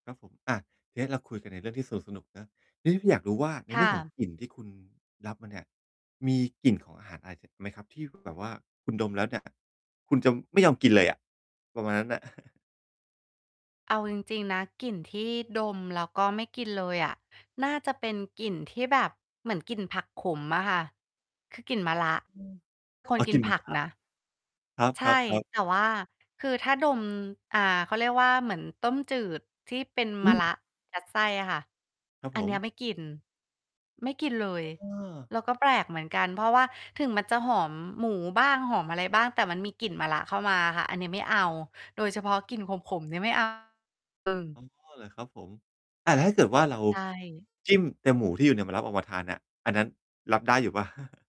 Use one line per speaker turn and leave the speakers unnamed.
ครับผม อา เอ๊ะ เราคุยกันในเรื่องที่สนุก ๆ เนาะ เอ๊ะ อยากรู้ว่า ใน
ค
เรื
่
่องของ
ะ
กลิ่นที่คุณรับมาเนี่ย มีกลิ่นของอาหารอะไร อีก ไหมครับ? ที่แบบว่าคุณดมแล้วเนี่ย คุณจะไม่ยอมกินเลยอะ ประมาณนั้นน่ะ
เอาจริง ๆ นะ กลิ่นที่ดมแล้วก็ไม่กินเลยอะ น่าจะเป็นกลิ่นที่แบบเหมือนกลิ่นผักขมอะค่ะ คือกลิ่นมะระ
อืม
ค
อ
น
๋อ
กิ
กลิ
น
่นเ
ผ
หม็น
ัก
มะร
น
ะ
ะ
ค
ใช
รับ
่
ๆ ๆ
แต่ว่าคือถ้าดม อ่า เขาเรียกว่า เหมือนต้มจืดที่เป็น
อ
ม
ื
ะระ
ม
ยัดไส้อะค่ะ
ครับ
อั
ผ
นเนี้ย
ม
ไม่กิน ไม่กินเลย
อา
เราก็แปลกเหมือนกัน เพราะว่า ถึงมันจะหอมหมูบ้าง หอมอะไรบ้าง แต่มันมีกลิ่นมะระเข้ามาค่ะ อันนี้ไม่เอา โดยเฉพาะกลิ่นขม ๆ เนี่ยไม่ เอา อืม
อ๋อ เหรอครับผม? อา แล้วถ้าเกิดว่า เรา
ใช่
จิ้มแต่หมูที่อยู่ในมะระ ออกมาทานเนี่ย อันนั้น รับได้อยู่เปล่า?